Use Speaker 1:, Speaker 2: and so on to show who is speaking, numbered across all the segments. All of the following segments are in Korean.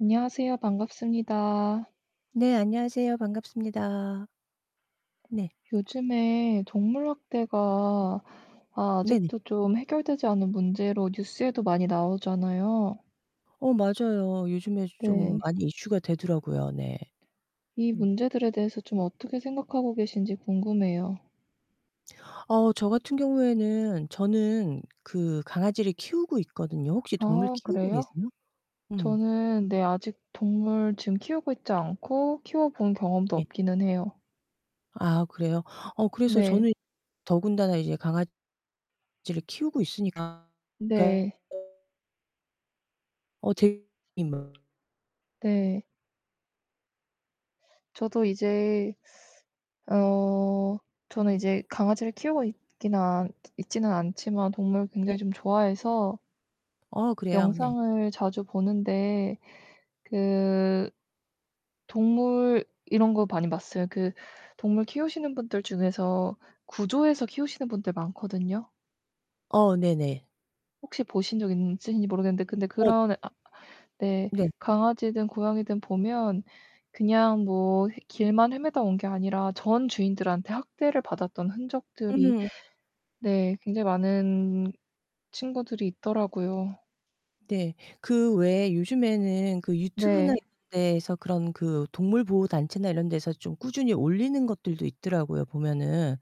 Speaker 1: 안녕하세요. 반갑습니다.
Speaker 2: 네. 안녕하세요. 반갑습니다. 네.
Speaker 1: 요즘에 동물 학대가 아
Speaker 2: 네네.
Speaker 1: 아직도 좀 해결되지 않은 문제로 뉴스에도 많이 나오잖아요.
Speaker 2: 어 맞아요. 요즘에 좀
Speaker 1: 네.
Speaker 2: 많이 이슈가 되더라구요. 네.
Speaker 1: 이
Speaker 2: 음.
Speaker 1: 문제들에 대해서 좀 어떻게 생각하고 계신지 궁금해요.
Speaker 2: 어 저 같은 경우에는 저는 그 강아지를 키우고 있거든요. 혹시 동물
Speaker 1: 아
Speaker 2: 키우고
Speaker 1: 그래요?
Speaker 2: 계세요? 음.
Speaker 1: 저는 네 아직 동물 지금 키우고 있지 않고 키워 본 경험도
Speaker 2: 예.
Speaker 1: 없기는 해요.
Speaker 2: 아 그래요? 어 그래서
Speaker 1: 네.
Speaker 2: 저는 더군다나 이제 강아지를 키우고 있으니까 그 어
Speaker 1: 네.
Speaker 2: 어 들 임
Speaker 1: 네. 저도 이제 어 저는 이제 강아지를 키우고 있기는 않 있지는 않지만 동물을
Speaker 2: 네.
Speaker 1: 굉장히 좀 좋아해서
Speaker 2: 어 그래요. 네.
Speaker 1: 영상을 자주 보는데 그 동물 이런 거 많이 봤어요. 그 동물 키우시는 분들 중에서 구조해서 키우시는 분들 많거든요.
Speaker 2: 어 네네.
Speaker 1: 혹시 보신 적 있으신지 모르겠는데 근데
Speaker 2: 어
Speaker 1: 그런 아 네
Speaker 2: 네.
Speaker 1: 강아지든 고양이든 보면 그냥 뭐 길만 헤매다 온 게 아니라 전 주인들한테 학대를 받았던 흔적들이
Speaker 2: 음.
Speaker 1: 네 굉장히 많은 친구들이 있더라고요.
Speaker 2: 네. 그 외에 요즘에는 그 유튜브나 이런
Speaker 1: 네.
Speaker 2: 데서 그런 그 동물 보호 단체나 이런 데서 좀 꾸준히 올리는 것들도 있더라고요 보면은.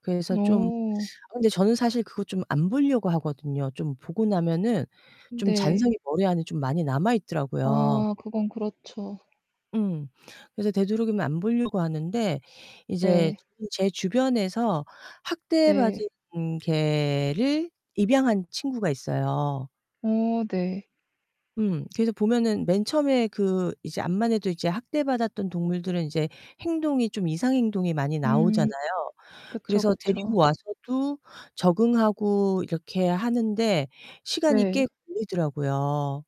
Speaker 2: 그래서 좀
Speaker 1: 어.
Speaker 2: 어 근데 저는 사실 그거 좀 안 보려고 하거든요. 좀 보고 나면은 좀
Speaker 1: 네.
Speaker 2: 잔상이 머리 안에 좀 많이 남아있더라요.
Speaker 1: 아 그건 그렇죠.
Speaker 2: 음. 그래서 되도록이면 안 보려고 하는데 이제
Speaker 1: 네.
Speaker 2: 저는 제 주변에서
Speaker 1: 네.
Speaker 2: 학대받은 개를 입양한 친구가 있어요.
Speaker 1: 어 네.
Speaker 2: 음. 그래서 보면은 맨 처음에 그 이제 암만해도 이제 학대받았던 동물들은 이제 행동이 좀 이상 행동이 많이 나오잖아요.
Speaker 1: 음 그쵸,
Speaker 2: 그래서
Speaker 1: 그쵸.
Speaker 2: 데리고 와서도 적응하고 이렇게 하는데 시간이 꽤
Speaker 1: 네.
Speaker 2: 걸리더라고요.